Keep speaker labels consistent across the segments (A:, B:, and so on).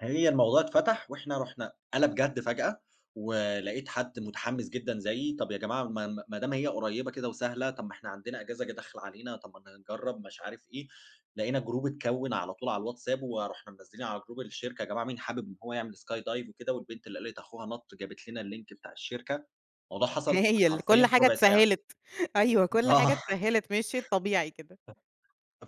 A: هي الموضوع اتفتح وإحنا رُحنا قَلَب جَد فجأة، ولقيت حد مُتحمس جدًا زيي، طب يا جماعة ما ما ما دام هي قريبة كده وسهلة طب ما إحنا عندنا أجازة ج داخلة علينا طب ما ن نجرب مش عارف إيه، لقينا جروب اتكوِّن على طول على الWhatsApp ورُحنا منزِّلين على جروب الشركة يا جماعة مين حابب إن هو يعمل skydive وكده والبنت اللي قالت أخوها نَط جابت لنا اللينك بتاع الشركة. الموضوع حصل
B: هايل،
A: حرفيًا
B: كل
A: في
B: حاجة
A: ربع ساعة.
B: اتسهّلت. أيوه، كل حاجة
A: آه.
B: اتسهّلت مشيت طبيعي كده.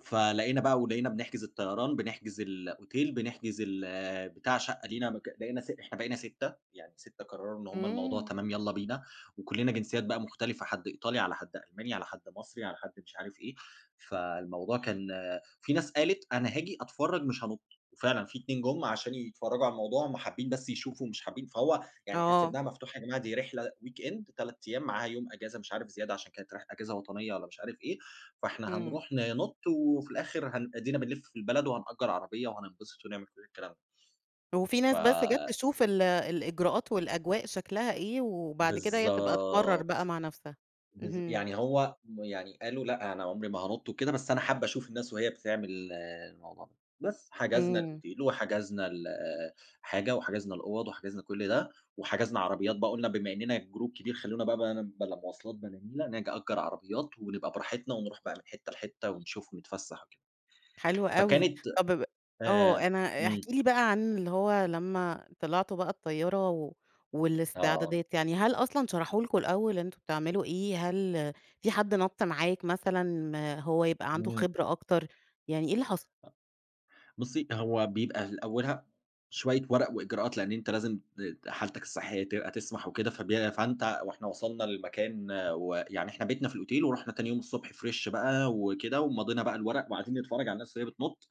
A: فلقينا بقى ولقينا بنحجز الطيران، بنحجز الأوتيل بنحجز ال بتاع شقة لينا مك بقينا س إحنا بقينا 6 يعني 6 قرروا إن هُم الموضوع
B: إمم.
A: تمام يالّا بينا، وكلّنا جنسيات بقى مختلفة، حد إيطالي على حد ألماني على حد مصري على حد مش عارف إيه. فالموضوع كان في ناس قالت أنا هاجي أتفرج مش هانُط، وفعلًا في 2 جُم عشان يتفرجوا على الموضوع هُم حابين بس يشوفوا مش حابين فهو يعني إحنا
B: آه.
A: سيبناها مفتوحة يا جماعة دي رحلة weekend 3 أيام معاها يوم أجازة مش عارف زيادة عشان كانت رح أجازة وطنية والّا مش عارف إيه، فإحنا
B: إمم.
A: هنروح ننُط وفي الآخر هن أدينا بنلِف في البلد وهنأجر عربية وهنتبسط ونعمل كل الكلام.
B: وفي ناس بس جات
A: ف
B: تشوف ال الإجراءات والأجواء شكلها إيه وبعد كده هي تبقى تقرر
A: بالضبط،
B: بقى مع نفسها،
A: بالض
B: اهم.
A: يعني هو م يعني قالوا لأ أنا عُمري ما هانُط وكده بس أنا حابة أشوف الناس وهي بتعمل الموضوع ده. بس، حجزنا
B: إمم.
A: الأوتيل وحجزنا الحاجة وحجزنا الأوَّض وحجزنا كل ده، وحجزنا عربيات بقى قُلنا بما إننا جروب كبير خلّونا بقى بان بلا مواصلات بلا نيلة، نج أجر عربيات ونبقى براحتنا ونروح بقى من حتة لحتة ونشوف ونتفسح وكده.
B: حلو أوي.
A: فكانت
B: طب ب آه
A: آآ
B: أنا احكِ
A: إمم.
B: لي بقى عن اللي هو لمّا طلعتوا بقى الطيارة و
A: آه.
B: والاستعدادات، يعني هل أصلًا شرحوا لكم الأول أنتم بتعملوا إيه؟ هل في حد نَط معاك مثلًا هو يبقى عنده
A: إمم.
B: خبرة أكتر؟ يعني إيه اللي حصل؟
A: أ بُصّي هو بيبقى ل أولها شوية ورق وإجراءات لأن أنت لازم ت حالتك الصحية تبقى تسمح وكده فبي فأنت وإحنا وصلنا للمكان ويعني إحنا بيتنا في الأوتيل ورُحنا تاني يوم الصبح فريش بقى وكده ومَضينا بقى الورق وقاعدين نتفرج على الناس وهي بتنُط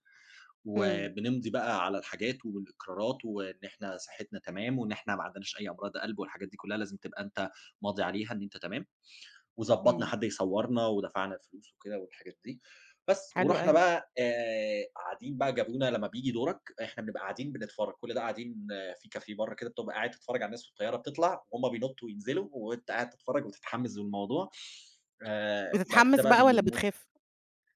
B: إمم.
A: وبنمضي بقى على الحاجات والإقرارات وإن إحنا صحتنا تمام وإن إحنا ما عندناش أي أمراض قَلب والحاجات دي كلّها لازم تبقى أنت ماضي عليها إن أنت تمام. وضبّطنا
B: إمم.
A: حد يصوّرنا ودفعنا الفلوس وكده والحاجات دي. بس،
B: حلو
A: ورُحنا
B: أوي.
A: بقى آآ قاعدين بقى جابونا لمّا بييجي دورك، إحنا بنبقى قاعدين بنتفرج كل ده قاعدين في كافيه برّه كده بتبقى قاعد تتفرج على الناس في الطيارة بتطلع وهُم بينطوا وينزلوا وأنت قاعد تتفرج وتتحمس بالموضوع. آآ وبعد كده
B: بتتحمس
A: بقى
B: بقى والّا
A: بيلمو
B: بتخاف؟